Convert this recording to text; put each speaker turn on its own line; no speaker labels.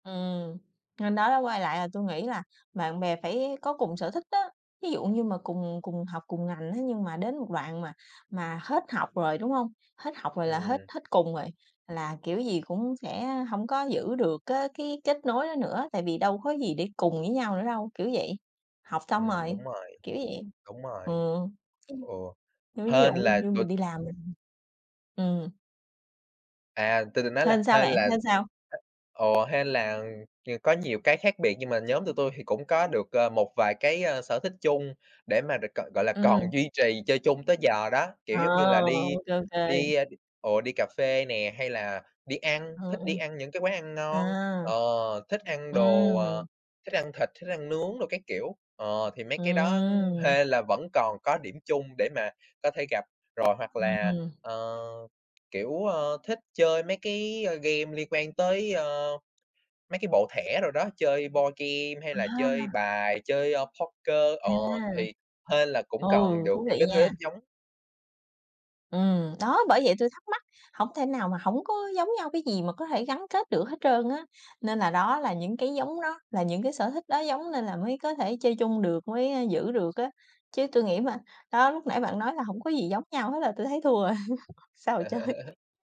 Ừm, nên đó đó, quay lại là tôi nghĩ là bạn bè phải có cùng sở thích á, ví dụ như mà cùng cùng học, cùng ngành, thế nhưng mà đến một đoạn mà mà hết học rồi, đúng hông? Hết học rồi là hết
Ừm.
hết cùng rồi, là kiểu gì cũng sẽ hổng có giữ được cá cái kết nối đó nữa, tại vì đâu có gì để cùng với nhau nữa đâu, kiểu vậy, học xong
Ừm,
rồi,
đúng rồi,
kiểu vậy.
đúng rồi.
Ừ, ừm.
Ồ,
Nói ví dụ
hên là
như
tụi
mình đi làm mình ừm.
À, tôi định nói là
Hên sao
hên
bạn,
là
hên sao?
ồ, hên là, ờ, có nhiều cái khác biệt nhưng mà nhóm tụi tui thì cũng có được, ờ, một vài cái, ơ, sở thích chung, để mà được gọi gọi là còn
Ừm.
duy trì chơi chung tới giờ đó.
À,
Kiểu, giống như là
ô
đi
kê, ô kê.
đi ồ, đi cà phê nè, hay là đi ăn,
Ừm,
thích đi
ừm.
ăn những cái quán ăn ngon,
À.
ờ, thích ăn đồ, ờ,
Ừm.
thích ăn thịt, thích ăn nướng đồ các kiểu. Ờ, thì mấy cái đó
Ừm.
hên là vẫn còn có điểm chung để mà có thể gặp. Rồi hoặc là,
Ừm.
ờ, kiểu, ơ, thích chơi mấy cái, ờ, game liên quan tới, ơ, mấy cái bộ thẻ đồ đó, chơi boardgame hay là chơi
À!
bài, chơi, ơ, poker. Ờ,
À.
thì hên là cũng còn
Ừ,
được
thú
những
vị
cái thứ
nha.
thích giống.
Ừm, đó, bởi vậy tôi thắc mắc, hổng thể nào mà hổng có giống nhau cái gì mà có thể gắn kết được hết trơn á. Nên là đó là những cái giống nó, là những cái sở thích đó giống nên là mới có thể chơi chung được, mới, ơ, giữ được á. Chứ tôi nghĩ mà đó lúc nãy bạn nói là hổng có gì giống nhau hết là tôi thấy thua rồi, sao mà chơi.